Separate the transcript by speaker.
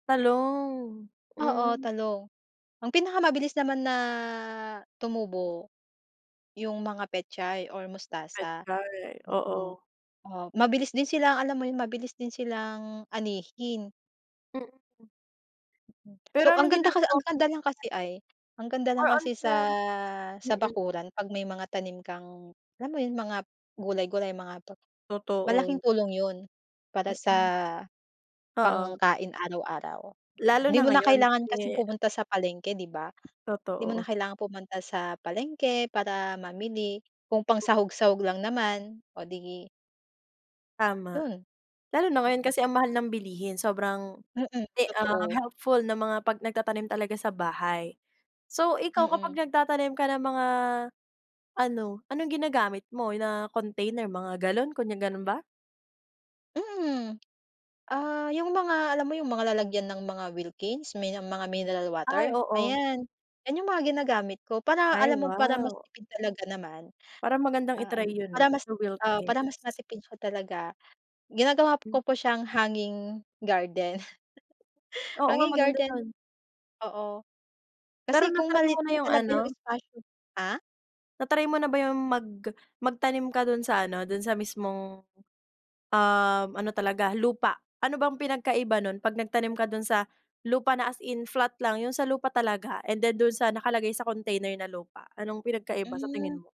Speaker 1: Talong,
Speaker 2: Oo,
Speaker 1: mm.
Speaker 2: talong. Ang pinakamabilis naman na tumubo, yung mga pechay or mustasa,
Speaker 1: Pechay,
Speaker 2: mm.
Speaker 1: oo.
Speaker 2: Oh, mabilis din silang, alam mo 'yon, mabilis din silang anihin.
Speaker 1: Mm.
Speaker 2: Mm,
Speaker 1: Pero
Speaker 2: so ang
Speaker 1: anong
Speaker 2: ganda
Speaker 1: ginagawa
Speaker 2: ang
Speaker 1: mong
Speaker 2: ganda lang kasi ay, ang ganda
Speaker 1: More
Speaker 2: lang
Speaker 1: on
Speaker 2: kasi
Speaker 1: sa
Speaker 2: sa sa
Speaker 1: mm.
Speaker 2: bakuran 'pag may mga tanim kang, alam mo 'yon, mga gulay-gulay mga tot malaking
Speaker 1: Totoo.
Speaker 2: tulong 'yon, para sa
Speaker 1: Mm. Oo.
Speaker 2: pangkain araw-araw.
Speaker 1: Lalo
Speaker 2: 'Di
Speaker 1: na
Speaker 2: mo na
Speaker 1: ngayon
Speaker 2: kailangan kasing
Speaker 1: kasi
Speaker 2: pumunta sa palengke, 'di ba? 'Di mo na
Speaker 1: Totoo.
Speaker 2: kailangang pumunta sa palengke para mamili kung pangsahog-sahog lang naman, o 'di
Speaker 1: Tama.
Speaker 2: yo'n.
Speaker 1: Lalo na ngayon
Speaker 2: Oo.
Speaker 1: kasi ang mahal ng bilihin sobrang
Speaker 2: Mm,
Speaker 1: e ah,
Speaker 2: totoo.
Speaker 1: helpful na mga 'pag nagtatanim talaga sa bahay. So, ikaw kapag
Speaker 2: Mm.
Speaker 1: nagtatanim ka ng mga ano, anong ginagamit mo na container, mga galon, kunya ganun ba?
Speaker 2: Mm. Ah, yung mga alam mo yung mga lalagyan ng mga Wilkins, may mga mineral
Speaker 1: Ay,
Speaker 2: water.
Speaker 1: oo.
Speaker 2: Ayan, 'yan yung mga ginagamit ko para
Speaker 1: Ay,
Speaker 2: alam mo para mas
Speaker 1: wow.
Speaker 2: tipid talaga naman,
Speaker 1: Para magandang
Speaker 2: ah, um,
Speaker 1: i-try 'yon,
Speaker 2: para
Speaker 1: ah,
Speaker 2: mas,
Speaker 1: sa
Speaker 2: ah, para
Speaker 1: Wilkins.
Speaker 2: mas matipid siya talaga, ginagawa ko
Speaker 1: Hmm.
Speaker 2: po siyang hanging garden.
Speaker 1: Oo nga,
Speaker 2: Hanging
Speaker 1: maganda
Speaker 2: garden,
Speaker 1: 'yon.
Speaker 2: oo.
Speaker 1: Pero
Speaker 2: Kasi kung
Speaker 1: na-try
Speaker 2: maliit
Speaker 1: mo na
Speaker 2: lang
Speaker 1: yung
Speaker 2: talaga yung
Speaker 1: ano
Speaker 2: espasyo ah?
Speaker 1: Na-try mo na ba yung mag magtanim ka do'n sa ano, do'n sa mismong, um, ano talaga lupa? Ano bang pinagkaiba nun 'pag nagtanim ka dun sa lupa na as in flat lang, yung sa lupa talaga and then do'n sa nakalagay sa container na lupa, anong pinagkaiba sa tingin
Speaker 2: Hmm.
Speaker 1: mo?